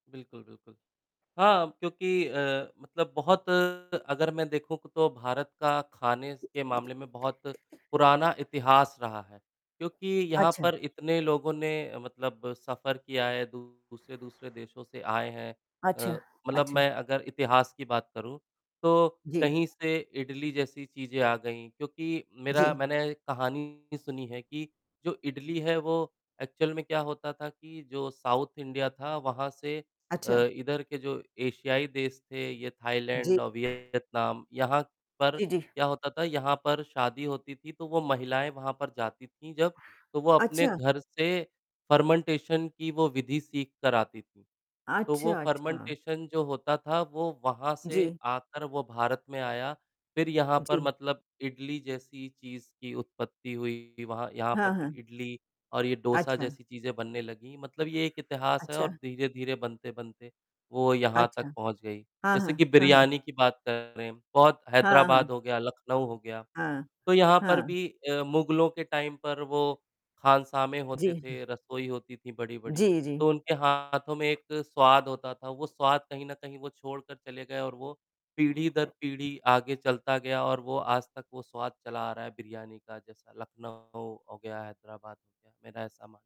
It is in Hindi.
बिल्कुल, बिल्कुल। हाँ, क्योंकि अ, मतलब बहुत अगर मैं देखूँ, तो भारत का खाने के मामले में बहुत पुराना इतिहास रहा है। क्योंकि यहाँ अच्छा। पर इतने लोगों ने मतलब सफर किया है, दू दूसरे-दूसरे देशों से आए हैं। अच्छा, अ, मतलब अच्छा। मैं अगर इतिहास की बात करूँ, तो जी। कहीं से इडली जैसी चीज़ें आ गईं, क्योंकि मेरा जी। मैंने कहानी सुनी है कि जो इडली है, वो ऐक्चुअल में क्या होता था कि जो साउथ इंडिया था, वहाँ से अ, अच्छा। इधर के जो एशियाई देश थे, ये थायलैंड जी। और वियतनाम, यहाँ पर जी, जी। क्या होता था, यहाँ पर शादी होती थी, तो वो महिलायें वहाँ पर जाती थीं जब, तो वो अपने अच्छा! घर से फर्मेन्टेशन की वो विधि सीख कर आती थीं। तो वो अच्छा, अच्छा। फर्मेन्टेशन जो होता था, वो वहाँ से जी। आकर वो भारत में आया। फिर यहाँ पर जी। मतलब इडली जैसी चीज़ की उत्पत्ति हुई। वहाँ यहाँ पर हाँ, फिर हाँ। इडली और ये डोसा अच्छा। जैसी चीज़ें बनने लगीं। मतलब ये एक इतिहास है और अच्छा। धीरे-धीरे बनते-बनते, वो यहाँ अच्छा। तक पहुँच गई। हाँ, जैसे हाँ। कि हाँ, हाँ। बिरयानी की बात करें, बहुत हाँ, हाँ। हैदराबाद हो गया, लखनऊ हो गया। हाँ। तो यहाँ पर हाँ। भी अ, मुगलों के टाइम पर वो खानसामे होते जी, हाँ। थे, रसोई होती थीं, बड़ी-बड़ी। जी, जी। तो उनके हाथों में एक स्वाद होता था, वो स्वाद, कहीं न कहीं, वो छोड़कर चले गए और वो पीढ़ी दर पीढ़ी आगे चलता गया और वो आज तक वो स्वाद चला आ रहा है बिरयानी का। जैसा लखनऊ हो गया, हैदराबाद हो गया। मेरा ऐसा मान